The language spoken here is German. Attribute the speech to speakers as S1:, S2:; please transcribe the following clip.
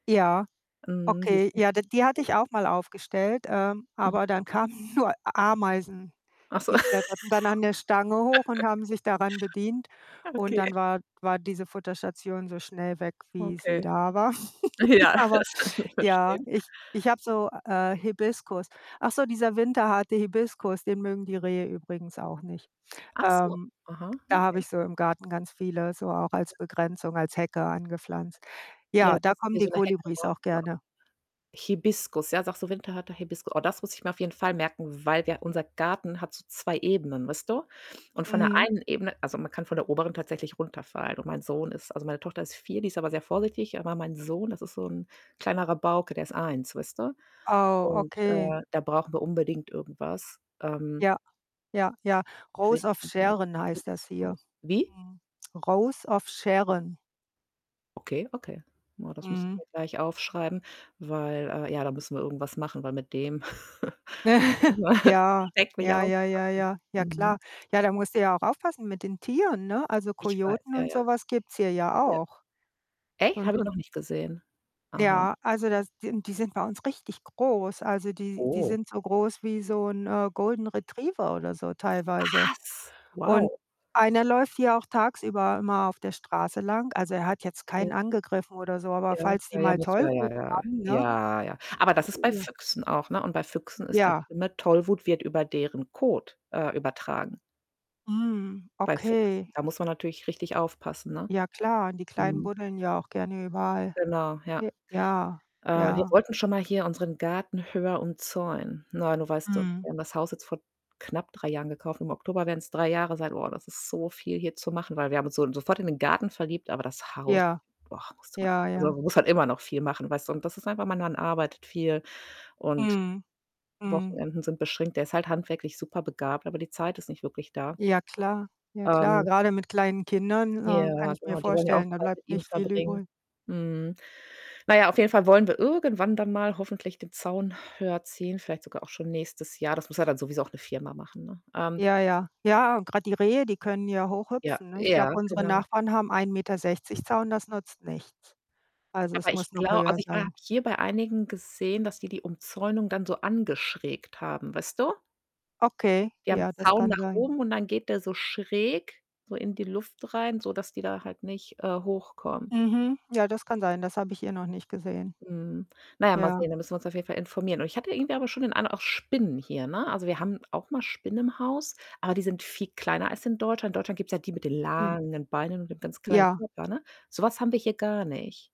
S1: Ja,
S2: Mhm, die
S1: okay.
S2: sind
S1: Ja, d die hatte
S2: [unintelligible]
S1: ich auch mal aufgestellt, ähm,
S2: Mhm.
S1: aber dann kamen nur Ameisen.
S2: Ach so.
S1: Die kletterten dann an der Stange hoch und haben sich daran bedient. Und
S2: Okay.
S1: dann war war diese Futterstation so schnell weg, wie sie
S2: Okay.
S1: da war.
S2: Ja,
S1: Aber
S2: das können wir
S1: ja,
S2: verstehen.
S1: ich ich habe so, äh, Hibiskus. Ach so, dieser winterharte Hibiskus, den mögen die Rehe übrigens auch nicht.
S2: Ach so,
S1: Ähm,
S2: aha,
S1: da habe
S2: okay.
S1: ich so im Garten ganz viele so auch als
S2: Ja.
S1: Begrenzung, als Hecke angepflanzt.
S2: Ja,
S1: Ja, da
S2: das ist
S1: kommen
S2: wie
S1: die
S2: so 'ne Hecke,
S1: Kolibris auch
S2: brauchen wir auch.
S1: gerne.
S2: Hibiskus, ja, sagst du, winterharte Hibiskus. Oh, das muss ich mir auf jeden Fall merken, weil wir unser Garten hat so 2 Ebenen, weißt du? Und von der
S1: Mhm.
S2: einen Ebene also, man kann von der oberen tatsächlich runterfallen und mein Sohn ist also, meine Tochter ist 4, die ist aber sehr vorsichtig, aber mein Sohn, das ist so 'n kleiner Rabauke, der ist 1, weißt du?
S1: Oh,
S2: Und,
S1: okay.
S2: äh, da brauchen wir unbedingt irgendwas. Ähm
S1: Ja, ja, ja. Rose of
S2: Winterharten
S1: Sharon heißt das hier.
S2: Hibiskus wie?
S1: Mhm. Rose of Sharon.
S2: Okay, okay. Na, das muss ich
S1: Mhm.
S2: mir gleich aufschreiben, weil, äh, ja, da müssen wir irgendwas machen, weil mit dem [unintelligible]
S1: Ja,
S2: schrecklich
S1: ja, ja, ja,
S2: aufpassen.
S1: ja. Ja,
S2: Mhm.
S1: klar. Ja, da musst du ja auch aufpassen mit den Tieren, ne? Also,
S2: Ich weiß
S1: Kojoten
S2: ja,
S1: und
S2: ja.
S1: so was gibt's hier ja
S2: Ja.
S1: auch.
S2: Echt?
S1: Und
S2: Habe ich
S1: und
S2: noch nicht gesehen. Aha.
S1: Ja, also das die n die sind bei uns richtig groß. Also die die
S2: Oh.
S1: sind so groß wie so 'n, äh, Golden Retriever oder so teilweise.
S2: Was?
S1: Und
S2: Wow.
S1: einer läuft hier auch tagsüber immer auf der Straße lang. Also er hat jetzt
S2: Okay.
S1: keinen angegriffen oder so, aber
S2: Ja.
S1: falls die
S2: Ja, ja,
S1: mal
S2: musst du ja,
S1: Tollwut
S2: ja.
S1: haben, ne?
S2: Ja, ja. Aber das ist bei
S1: Ja.
S2: Füchsen auch, ne? Und bei Füchsen ist das
S1: Ja.
S2: schlimme, Tollwut wird über deren Kot, äh, übertragen.
S1: Mhm,
S2: Bei Füchsen,
S1: okay.
S2: da muss man natürlich richtig aufpassen, ne?
S1: Ja klar, und die Kleinen
S2: Mhm.
S1: buddeln ja auch gerne überall.
S2: Genau, ja.
S1: J ja,
S2: Äh, wir
S1: ja.
S2: wollten schon mal hier unseren Garten höher umzäunen. Ne, du weißt, wir
S1: Mhm.
S2: haben das Haus jetzt vor knapp 3 Jahren gekauft, im Oktober werden's 3 Jahre sein. Boah, das ist so viel hier zu machen, weil wir haben uns so sofort in den Garten verliebt, aber das Haus,
S1: Ja,
S2: boah, musste man
S1: ja,
S2: also
S1: ja.
S2: man muss halt immer noch viel machen, weißt du? Und das ist einfach mein Mann arbeitet viel und
S1: Mhm, mhm.
S2: Wochenenden sind beschränkt. Der ist halt handwerklich superbegabt, aber die Zeit ist nicht wirklich da.
S1: Ja, klar. Ja, klar.
S2: Ähm
S1: Grade mit kleinen Kindern, ähm, kann
S2: Ja,
S1: ich mir
S2: genau, die wollen ja auch
S1: vorstellen, da
S2: Zeit mit
S1: bleibt
S2: ihm
S1: nicht viel
S2: verbringen.
S1: übrig.
S2: Mhm. Na ja, auf jeden Fall wollen wir irgendwann dann mal hoffentlich den Zaun höher ziehen, vielleicht sogar auch schon nächstes Jahr. Das muss ja dann sowieso auch 'ne Firma machen, ne? Ähm
S1: Ja, ja, ja, und grad die Rehe, die können ja hoch
S2: Ja,
S1: hüpfen, ne? Ich glaube,
S2: ja,
S1: unsere
S2: genau.
S1: Nachbarn haben 1,60 m Zaun, das nutzt nichts. Also, es
S2: Aber
S1: muss
S2: ich
S1: noch
S2: glau
S1: höher
S2: also, ich ha habe
S1: sein.
S2: hier bei einigen gesehen, dass die die Umzäunung dann so angeschrägt haben, weißt du?
S1: Okay,
S2: Die haben
S1: ja,
S2: 'n
S1: das
S2: Zaun
S1: kann
S2: nach
S1: sein.
S2: oben und dann geht der so schräg so in die Luft rein, sodass die da halt nicht, äh, hochkommen.
S1: Mhm, ja, das kann sein. Das habe ich hier noch nicht gesehen.
S2: Mhm. Na ja, mal
S1: Ja.
S2: sehen, da müssen wir uns auf jeden Fall informieren. Und ich habe hier irgendwie aber schon den Eindruck auch Spinnen hier, ne? Also, wir haben auch mal Spinnen im Haus, aber die sind viel kleiner als in Deutschland. In Deutschland gibt's ja die mit den
S1: Hm.
S2: langen Beinen und mit ganz kleinen
S1: Ja.
S2: Körper, ne? So was haben wir hier gar nicht.